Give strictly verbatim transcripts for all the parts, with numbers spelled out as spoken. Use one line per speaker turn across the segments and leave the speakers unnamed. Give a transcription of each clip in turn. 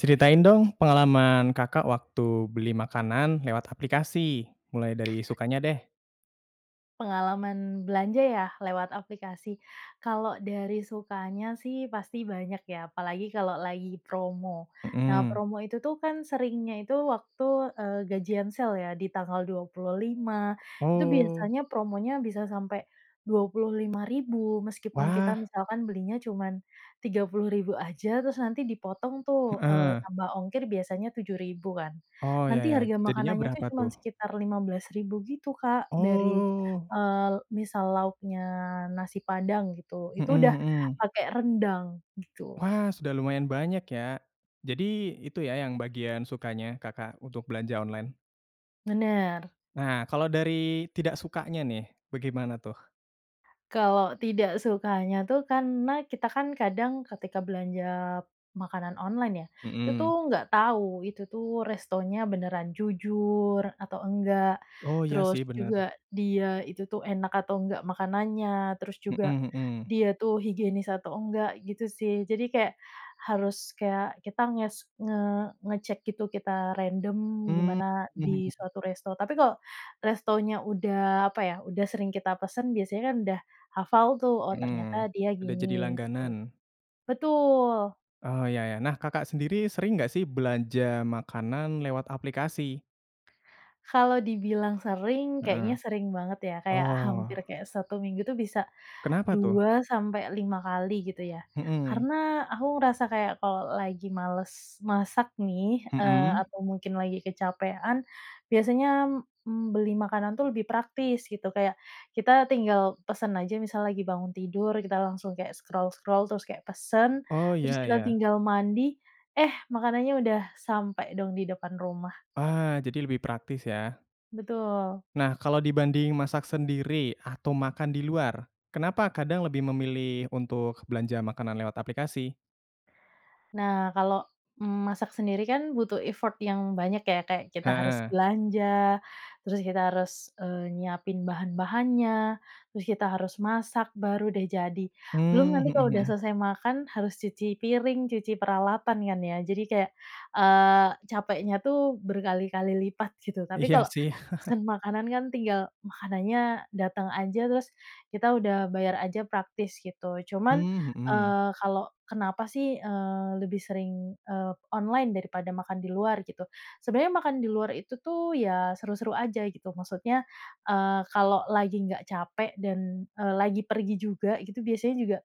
Ceritain dong, pengalaman Kakak, waktu beli makanan lewat aplikasi, mulai dari sukanya, deh.
Pengalaman belanja, ya? Lewat aplikasi? Kalau dari sukanya, sih, pasti banyak, ya, apalagi kalau lagi promo. Nah,
Hmm.
promo itu, tuh, kan, seringnya itu waktu, eee, gajian sale ya di tanggal dua puluh lima, itu
Oh.
biasanya promonya bisa sampai dua puluh lima ribu meskipun kita
Wah.
misalkan belinya cuma tiga puluh ribu aja, terus nanti dipotong, tuh, eee,
Heeh.
tambah ongkir biasanya tujuh ribu kan.
Oh, iya
Nanti
iya,
harga
jadinya
makanannya, tuh,
berapa,
cuma
tuh?
sekitar lima belas ribu gitu Kak, dari,
Oh.
eee, misal lauknya nasi padang gitu,
Hmm
itu udah
hmm.
pake rendang. Gitu.
Wah, sudah lumayan banyak, ya. Jadi itu, ya, yang bagian sukanya Kakak untuk belanja online?
Bener.
Nah, kalau dari tidak sukanya, nih, bagaimana, tuh?
Kalau tidak sukanya, tuh, karena kita, kan, kadang ketika belanja makanan online, ya, itu,
Hmm.
tuh, nggak tahu itu, tuh, restonya beneran jujur atau enggak,
Oh, iya, sih,
terus
bener.
juga dia itu, tuh, enak atau enggak makanannya, terus juga
Mhm mhm.
dia, tuh, higienis atau enggak gitu sih. Jadi kayak harus kayak kita nges nge ngecek gitu kita random,
Mmm,
gimana di
mhm.
suatu resto. Tapi kalo restonya udah apa, ya, udah sering kita pesan biasanya, kan, udah hafal, tuh, oh, ternyata
Mhm,
dia
udah jadi
gini, gitu.
langganan.
Betul.
Oh, iya iya. Nah Kakak sendiri sering nggak, sih, belanja makanan lewat aplikasi?
Kalau dibilang sering kayaknya
Heeh.
sering banget, ya, kayak
Oh.
hampir kayak satu minggu, tuh, bisa
Kenapa, tuh?
dua sampai lima kali gitu, ya.
Mhm.
Karena aku ngerasa kayak kalau lagi males masak, nih, eee,
Hmm.
atau mungkin lagi kecapean biasanya, m mmm, beli makanan, tuh, lebih praktis gitu, kayak kita tinggal pesen aja misal lagi bangun tidur kita langsung kayak scroll-scroll terus kayak pesen,
Oh,
terus
iya
kita
iya.
tinggal mandi, eh makanannya udah sampai dong di depan rumah.
Ah, jadi lebih praktis, ya?
Betul.
Nah, kalau dibanding masak sendiri atau makan di luar, kenapa kadang lebih memilih untuk belanja makanan lewat aplikasi?
Nah kalau, mmm, masak sendiri, kan, butuh effort yang banyak ya, kayak kita harus
Heeh.
belanja, terus kita harus, eee, nyiapin bahan-bahannya, terus kita harus masak, baru, deh, jadi. Belum
Mmm,
nanti
mhm
kalau udah
mhm.
selesai makan harus cuci piring, cuci peralatan, kan, ya, jadi kayak, eee, capeknya, tuh, berkali-kali lipat gitu. Tapi
Iya,
kalau
sih.
pesen makanan, kan, tinggal makanannya datang aja, terus kita udah bayar aja, praktis gitu. Cuman,
Mmm, mhm.
eee, kalau kenapa, sih, eee, lebih sering, eee, online daripada makan di luar gitu, sebenarnya makan di luar itu, tuh, ya, seru-seru aja gitu. Maksudnya, eee, kalau lagi nggak capek dan, eee, lagi pergi juga gitu biasanya juga,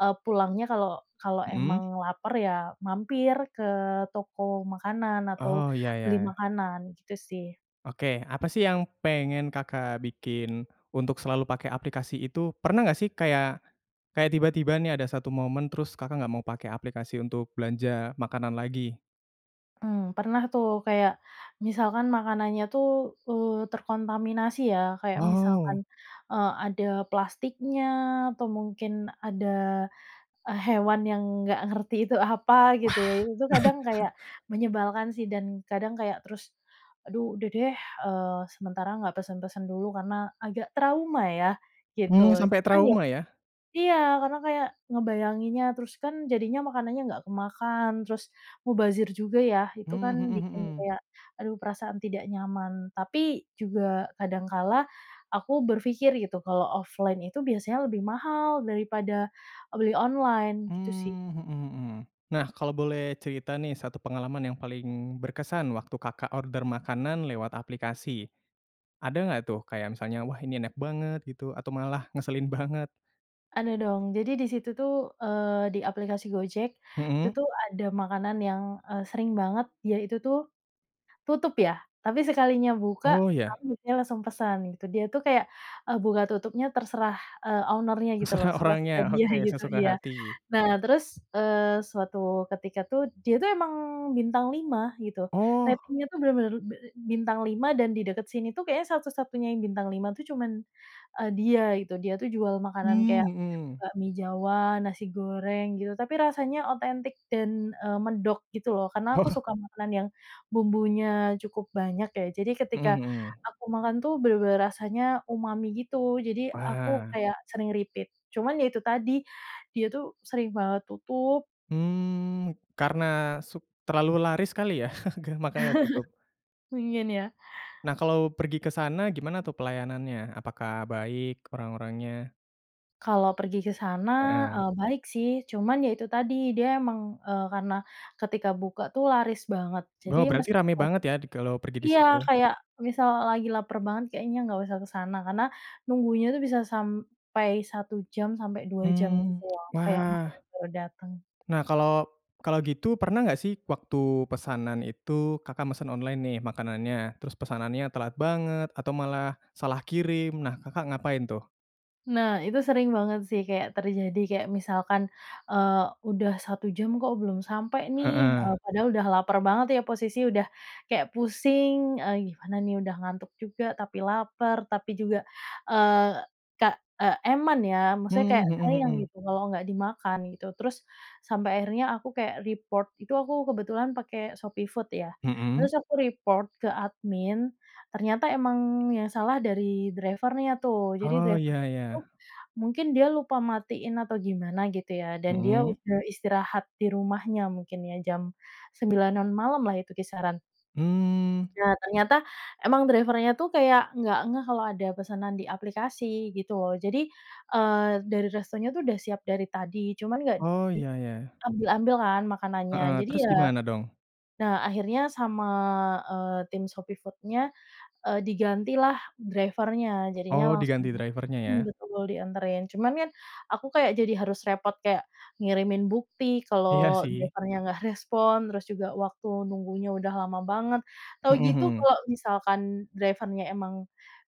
eee, pulangnya kalau kalau
Mhm.
emang laper, ya, mampir ke toko makanan, atau
Oh, iya iya
beli
iya.
makanan gitu, sih.
Oke, apa, sih, yang pengen Kakak bikin untuk selalu pakai aplikasi itu? Pernah nggak, sih, kayak, kayak tiba-tiba, nih, ada satu momen terus Kakak nggak mau pakai aplikasi untuk belanja makanan lagi?
Mmm, pernah, tuh, kayak misalkan makanannya, tuh, eee, terkontaminasi, ya, kayak misalkan,
Wow.
eee, ada plastiknya, atau mungkin ada, eee, hewan yang nggak ngerti itu apa gitu, ya.
Wah.
Itu kadang kayak menyebalkan, sih, dan kadang kayak terus, aduh udah, deh, eee, sementara nggak pesan-pesan dulu karena agak trauma, ya, gitu.
Mmm, sampai
Cuman ya
trauma, ya?
iya, karena kayak ngebayanginnya, terus, kan, jadinya makanannya nggak kemakan, terus mubazir juga, ya, itu,
Mmm,
kan,
mhm
bikin
mhm.
kayak aduh perasaan tidak nyaman. Tapi juga kadang kala, aku berpikir gitu kalau offline itu biasanya lebih mahal daripada beli online. Gitu, sih.
Mmm, mhm mhm. Nah, kalau boleh cerita, nih, satu pengalaman yang paling berkesan waktu Kakak order makanan lewat aplikasi, ada nggak, tuh, kayak misalnya wah ini enak banget gitu atau malah ngeselin banget?
Ada dong. Jadi di situ tuh, eee, di aplikasi Gojek itu,
Mhm.
tuh, ada makanan yang, eee, sering banget dia itu tuh, tutup, ya. Tapi sekalinya buka,
Oh, iya.
aku biasanya langsung pesan, gitu, dia tuh kayak, eee, buka tutupnya terserah, eee, owner-nya gitu,
Terserah
loh, suka-suka
orangnya,
dia
oke,
gitu,
sesuka
iya.
hati.
Nah, terus, eee, suatu ketika tuh, dia, tuh, emang bintang lima gitu.
Oh!
Ratingnya, tuh, bener-bener be e bintang lima dan di dekat sini, tuh, kayaknya satu-satunya yang bintang lima tuh, cuman, eee, dia itu. Dia, tuh, jual makanan
Mmm,
kayak
mhm.
bakmi jawa, nasi goreng, gitu. Tapi rasanya otentik dan, eee, medok gitu, loh, karena aku
Oh.
suka makanan yang bumbunya cukup banyak, ya. Jadi
Mhm
ketika
mhm.
aku makan, tuh, bener-bener rasanya umami gitu, jadi aku
Wah.
kayak sering repeat. Cuman, ya, itu tadi, dia, tuh, sering banget tutup.
Mmm, karena su terlalu laris kali, ya? makanya tutup.
Pingin, ya?
Nah, kalau pergi ke sana gimana, tuh, pelayanannya? Apakah baik orang-orangnya?
Kalau pergi ke sana,
Heeh.
eee, baik, sih. Cuman, ya, itu tadi dia emang, eee, karena ketika buka, tuh, laris banget. Jadi
Wow berarti rame
meskipun
banget, ya, di kalau pergi di
iya,
situ.
kayak misal lagi laper banget kayaknya nggak usah ke sana. Karena nunggunya itu bisa sampai satu jam sampai dua jam
Mmm,
gitu, loh, kayak
wah!
makanan baru dateng.
Nah, kalo kalo gitu pernah nggak, sih, waktu pesanan itu Kakak mesen online, nih, makanannya, terus pesanannya telat banget atau malah salah kirim, nah, Kakak ngapain, tuh?
Nah, itu sering banget, sih, kayak terjadi, kayak misalkan, eee, udah satu jam kok belum sampai, nih,
Heeh.
eee, padahal udah lapar banget, ya, posisi udah kayak pusing, eee, gimana, nih, udah ngantuk juga tapi lapar, tapi juga, eee, kak ek eman, ya. Maksudnya
Mmm,
kayak,
mhm
sayang
mhm.
gitu kalo nggak dimakan gitu. Terus, sampe akhirnya aku kayak report. Itu aku kebetulan pake Shopee Food, ya.
Mhm.
Terus aku report. ke admin, ternyata emang yang salah dari driver-nya, tuh, jadi
Oh, iya
driver-nya, tuh,
iya.
mungkin dia lupa matiin atau gimana gitu, ya, dan dia
Mhm.
udah istirahat di rumahnya mungkin, ya, jam sembilanan malamlah itu kisaran.
Mmm.
Nah, ternyata emang driver-nya, tuh, kayak nggak ngeh kalau ada pesanan di aplikasi gitu, loh, jadi, eee, dari restonya, tuh, udah siap dari tadi, cuman nggak
Oh, iya iya.
diambil-ambil kan makanannya.
Heeh,
Jadi
terus
ya
gimana dong?
nah, akhirnya sama, eee, tim Shopee Food-nya, eee, digantilah driver-nya, jadinya
Oh,
langsung
diganti driver-nya ya?
hmm, betul dianterin. Cuman, kan, aku kayak jadi harus repot kayak ngirimin bukti
Iya,
kalau
sih.
driver-nya nggak respon, terus juga waktu nunggunya udah lama banget. Tahu
Mhm
gitu
mhm.
kalo misalkan driver-nya emang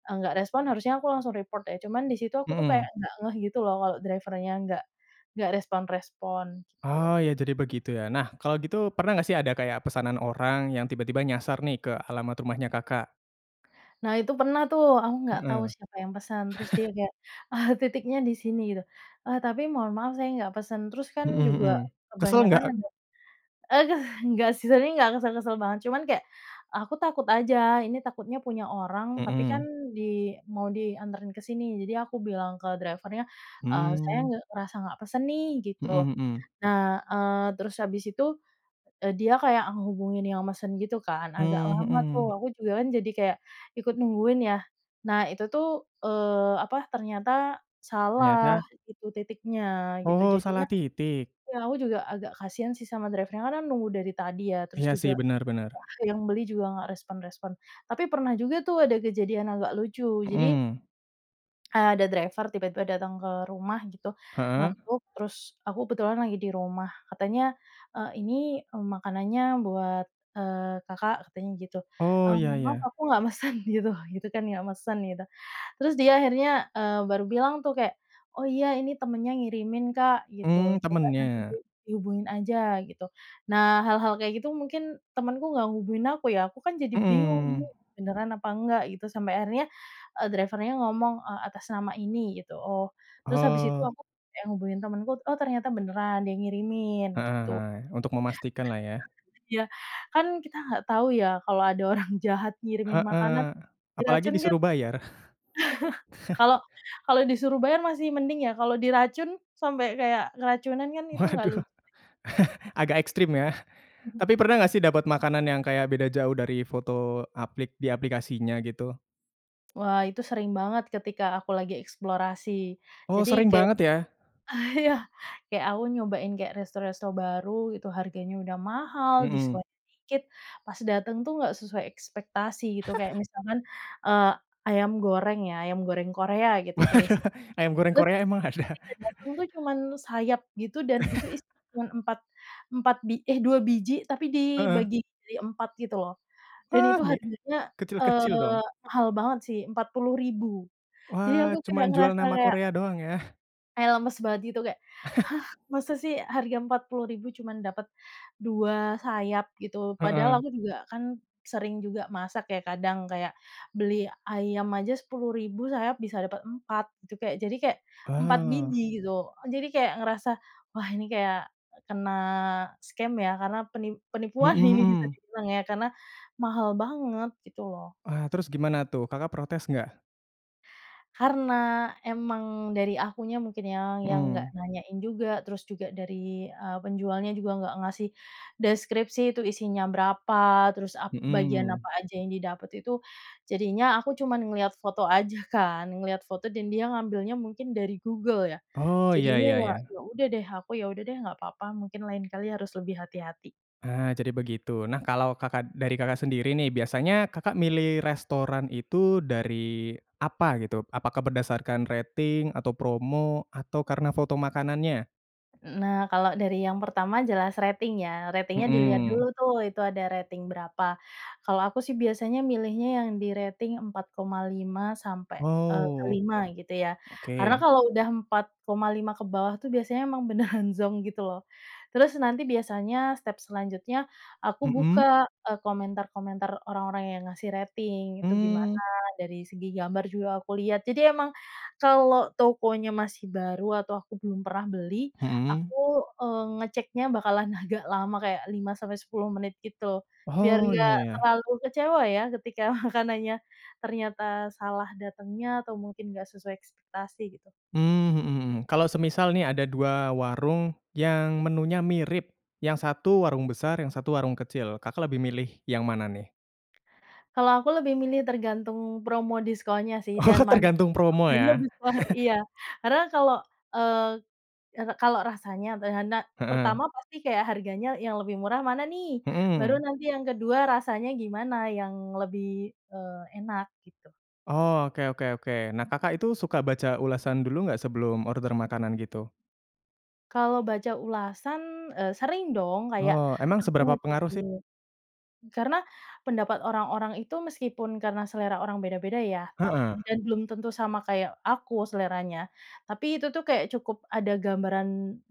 enggak respon harusnya aku langsung report ya. Cuman di situ aku, tuh, kayak
Mhm.
nggak ngeh gitu, loh, kalau driver-nya enggak, enggak respon-respon, gitu.
Oh, ya, jadi begitu, ya? Nah, kalo gitu pernah nggak, sih, ada kayak pesanan orang yang tiba-tiba nyasar, nih, ke alamat rumahnya Kakak?
Nah itu pernah, tuh, aku nggak tahu
Mhm.
siapa yang pesan, terus dia kayak titiknya di sini, gitu. Eee, "Tapi mohon maaf saya nggak pesan," terus, kan,
Mhm mhm.
juga
Kesel
kebanyakan
nggak?
ada aduh, nggak, sih, sering nggak kesel-kesel banget. Cuman kayak aku takut aja ini takutnya punya orang tapi, kan,
Mhm.
di mau dianterin ke sini jadi aku bilang ke driver-nya, eee, "Saya
Mmm.
nggak, ngerasa nggak pesen, nih." gitu.
Mhm mhm.
Nah, eee, terus habis itu, eee, dia kayak ngehubungin yang mesen gitu, kan, agak
Mmm,
lama, tuh,
mhm.
aku juga, kan, jadi kayak ikut nungguin, ya. Nah itu, tuh, eee, apa, ternyata salah
Ternyata?
gitu titiknya, gitu,
Oh,
jadinya
salah titik.
iya aku juga agak kasihan, sih, sama driver-nya karena kan nunggu dari tadi, ya, terus
Iya, sih,
juga
bener bener.
wah yang beli juga enggak respon-respon. Tapi pernah juga, tuh, ada kejadian agak lucu. Jadi
Mhm.
eee, ada driver tiba-tiba datang ke rumah gitu.
Heeh?
Ngetuk, terus aku kebetulan lagi di rumah, katanya, "Eee, ini, eee, makanannya buat, eee, Kakak." katanya gitu,
Oh,
"Eee,
iya
mohon maaf
iya.
aku nggak mesen." gitu gitu, kan, nggak mesen gitu. Terus dia akhirnya, eee, baru bilang tuh kayak, "Oh iya ini temennya ngirimin, Kak," gitu,
Mmm,
"coba nanti di
temennya?
dihubungin aja." Gitu. Nah, hal-hal kayak gitu mungkin temenku nggak hubungin aku, ya, aku, kan, jadi bingung, ini
Mhm.
beneran apa enggak gitu. Sampai akhirnya, eee, driver-nya ngomong, eee, "Atas nama ini." Gitu, oh. Terus habis itu
Oh.
aku kayak hubungin temenku, oh, ternyata beneran dia ngirimin,
Heeh
gitu.
heeh, untuk memastikanlah, ya?
Iya, kan, kita nggak tahu, ya, kalau ada orang jahat ngirimin makanan
Heeh, apalagi
diracun, kan
disuruh bayar.
Kalo kalo disuruh bayar masih mending, ya, kalau diracun? Sampai kayak keracunan, kan,
Waduh,
itu enggak lucu, deh.
agak ekstrim, ya?
Mhm.
Tapi pernah nggak, sih, dapat makanan yang kayak beda jauh dari foto aplik di aplikasinya gitu?
Wah, itu sering banget ketika aku lagi eksplorasi.
Oh,
Jadi
sering
kayak
banget, ya?
ah, iya, kayak aku nyobain kayak resto-resto baru itu harganya udah mahal,
Mhm.
diskon dikit, pas dateng tuh nggak sesuai ekspektasi gitu. Kayak misalkan, eee, ayam goreng, ya, ayam goreng Korea gitu
Waduh,
tulisan.
ayam goreng
Terus,
Korea emang ada?
ketika dateng tuh cuman sayap gitu, dan itu isinya cuma empat empat bi eh, dua biji tapi
Heeh.
dibagi jadi empat gitu, loh. Dan
Wah,
itu
mi
harganya,
kecil-kecil
eee,
dong?
mahal banget, sih empat puluh ribu. Jadi aku
Wah, cuma
kayak
jual
ngerasa
nama
kayak
Korea doang, ya?
kayak lemes banget gitu. Kayak "Hah! masa, sih, harga empat puluh ribu cuman dapat dua sayap?" gitu. Padahal
Heeh.
aku juga kan sering juga masak, ya, kadang kayak beli ayam aja sepuluh ribu sayap bisa dapat empat gitu. Kayak jadi kayak empat
Oh.
biji gitu. Jadi kayak ngerasa, wah ini kayak kena scam, ya, karena penip
Mhm
penipuan ini bisa
mhm.
dibilang, ya, karena mahal banget, gitu loh.
Ah, terus gimana, tuh? Kakak protes enggak?
Karena, emang dari akunya mungkin, ya, yang nggak
Mhm.
nanyain juga, terus juga dari, eee, penjualnya juga nggak ngasih deskripsi itu isinya berapa, terus ap bagian
Mhm.
apa aja yang didapat itu. Jadinya aku cuman ngelihat foto aja, kan. Ngelihat foto dan dia ngambilnya mungkin dari Google ya?
Oh, iya
Jadinya,
iya
ya
iya.
ya udah deh, aku, ya udah deh, nggak papa, mungkin lain kali harus lebih hati-hati.
Ah, jadi begitu. Nah, kalau Kakak dari Kakak sendiri, nih, biasanya Kakak milih restoran itu dari apa gitu? Apakah berdasarkan rating, atau promo? Atau karena foto makanannya?
Eee, nah, kalau dari yang pertama jelas rating ya. Ratingnya dilihat dulu
Mhm.
tuh, itu ada rating berapa. Kalau aku sih biasanya milihnya yang di rating empat koma lima sampai, eee,
Oh.
lima gitu ya. Karena
Oke.
kalau udah empat koma lima ke bawah tuh biasanya emang beneran zonk gitu loh. Terus nanti biasanya step selanjutnya, aku
Mhm?
buka, eee, komentar-komentar orang-orang yang ngasih rating itu gimana,
Mmm.
dari segi gambar juga aku lihat. Jadi emang kalau tokonya masih baru atau aku belum pernah beli,
Mhm.
aku, eee, ngeceknya bakalan agak lama, kayak lima sampai sepuluh menit gitu. Biar
Oh,
enggak
iya iya.
terlalu kecewa ya, ketika makanannya ternyata salah datangnya atau mungkin enggak sesuai ekspektasi gitu.
Mmm, mhm mhm. Kalau semisal nih ada dua warung yang menunya mirip yang satu warung besar, yang satu warung kecil, Kakak lebih milih yang mana nih?
Kalau aku lebih milih tergantung promo diskonnya sih,
Oh,
dan mana yang
tergantung promo
potongannya
ya.
besar. Iya, karena kalau, eee eee, kalo rasanya, be hanak
Heeh.
pertama pasti kayak harganya yang lebih murah mana nih? Baru
Mhm.
nanti yang kedua, rasanya gimana, yang lebih, eee, enak? Gitu.
Oh, oke oke oke. Nah Kakak itu suka baca ulasan dulu enggak sebelum order makanan gitu?
Kalau baca ulasan, eee, sering dong kayak
Oh emang
aku
seberapa
ngecek
pengaruh sih?
dulu. Karena pendapat orang-orang itu meskipun karena selera orang beda-beda ya tap
Heeh.
dan belum tentu sama kayak aku seleranya, tapi itu tuh kayak cukup ada gambaran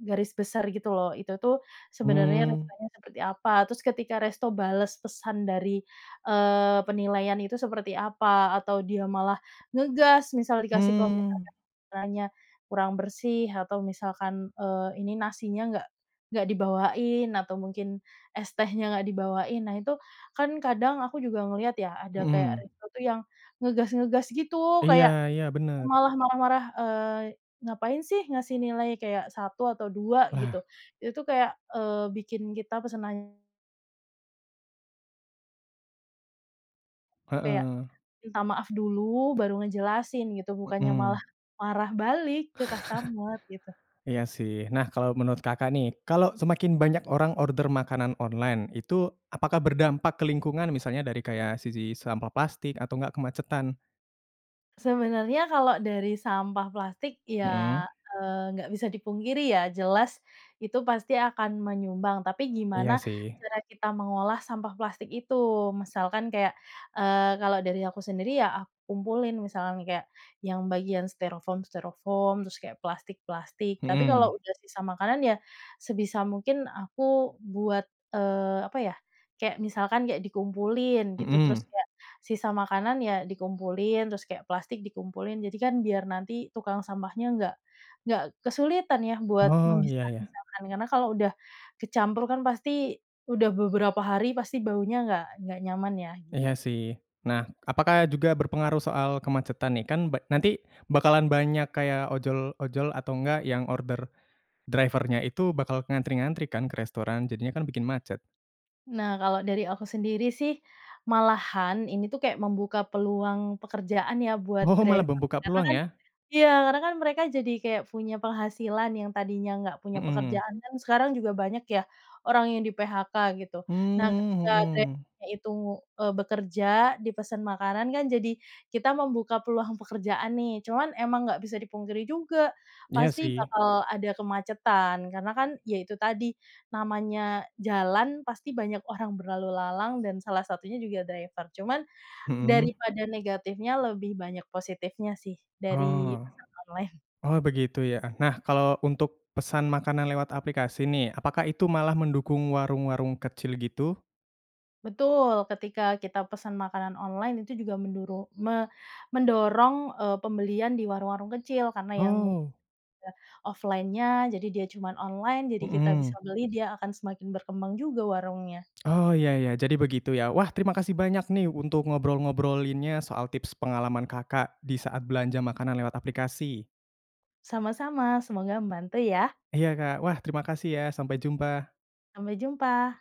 garis besar gitu loh, itu tuh sebenarnya
Mmm.
restonya seperti apa, terus ketika resto bales pesan dari, eee, penilaian itu seperti apa, atau dia malah ngegas misal dikasih komentar
Hmm.
restorannya kurang bersih atau misalkan, eee, ini, nasinya nggak nggak dibawain atau mungkin es tehnya nggak dibawain. Nah itu kan kadang aku juga ngelihat ya ada kayak
Mhm.
resto tuh yang ngegas-ngegas gitu,
Iya
kayak
iya bener.
malah marah-marah, eee, "Ngapain sih ngasih nilai kayak satu atau dua?" Gitu,
Nah.
itu tuh kayak, eee, bikin kita pesenan tuh kayak,
Heeh.
minta maaf dulu baru ngejelasin gitu, bukannya
Mhm.
malah marah balik ke customer gitu.
Iya sih, nah kalo menurut Kakak nih, kalo semakin banyak orang order makanan online itu apakah berdampak ke lingkungan? Misalnya dari kayak sisi sampah plastik atau enggak kemacetan?
Sebenarnya kalau dari sampah plastik ya,
Mhm.
eee, nggak bisa dipungkiri ya, jelas itu pasti akan menyumbang, tapi gimana
Iya sih.
cara kita mengolah sampah plastik itu. Misalkan kayak, eee, kalau dari aku sendiri ya aku kumpulin, misalkan kayak yang bagian styrofoam-styrofoam, terus kayak plastik-plastik tapi kalau
Mhm.
udah sisa makanan ya sebisa mungkin aku buat, eee, apa ya, kayak misalkan kayak dikumpulin gitu,
Mhm.
terus kayak sisa makanan ya dikumpulin, terus kayak plastik dikumpulin. Jadi kan biar nanti tukang sampahnya nggak nggak kesulitan ya buat
Oh ya ya.
memisah-misahkan karena kalau udah kecampur kan pasti udah beberapa hari pasti baunya nggak nggak nyaman ya, gitu.
Iya sih, nah apakah juga berpengaruh soal kemacetan nih? Kan ba nanti bakalan banyak kayak ojol-ojol atau nggak yang order driver-nya itu bakal ngantri-ngantri kan ke restoran? Jadinya kan bikin macet.
Nah, kalau dari aku sendiri sih malahan ini tuh kayak membuka peluang pekerjaan ya buat
Oh, malah
driver.
membuka
Karena
peluang
kan
ya?
iya karena kan mereka jadi kayak punya penghasilan, yang tadinya nggak punya
Mhm.
pekerjaan kan sekarang juga banyak ya orang yang di-PHK gitu. Nah
Mmm,
ketika
mhm.
driver-nya itu, eee, bekerja, dipesan makanan kan jadi kita membuka peluang pekerjaan nih. Cuman emang nggak bisa dipungkiri juga,
Iya
pasti
sih.
bakal ada kemacetan, karena kan ya itu tadi, namanya jalan pasti banyak orang berlalu lalang dan salah satunya juga driver. Cuman
Mhm.
daripada negatifnya lebih banyak positifnya sih, dari
Oh.
pesan online.
Oh begitu ya. Nah kalo untuk pesan makanan lewat aplikasi nih, apakah itu malah mendukung warung-warung kecil gitu?
Betul! Ketika kita pesan makanan online itu juga menduru me mendorong, eee, pembelian di warung-warung kecil karena yang mu
Oh.
[unintelligible] offline-nya jadi dia cuman online, jadi kita bisa
Mhm.
beli, dia akan semakin berkembang juga warungnya.
Oh ya ya jadi begitu ya, wah terima kasih banyak nih untuk ngobrol-ngobrolinnya soal tips pengalaman Kakak di saat belanja makanan lewat aplikasi.
Sama-sama, semoga membantu ya.
Iya Kak, wah terima kasih ya, sampai jumpa.
Sampai jumpa.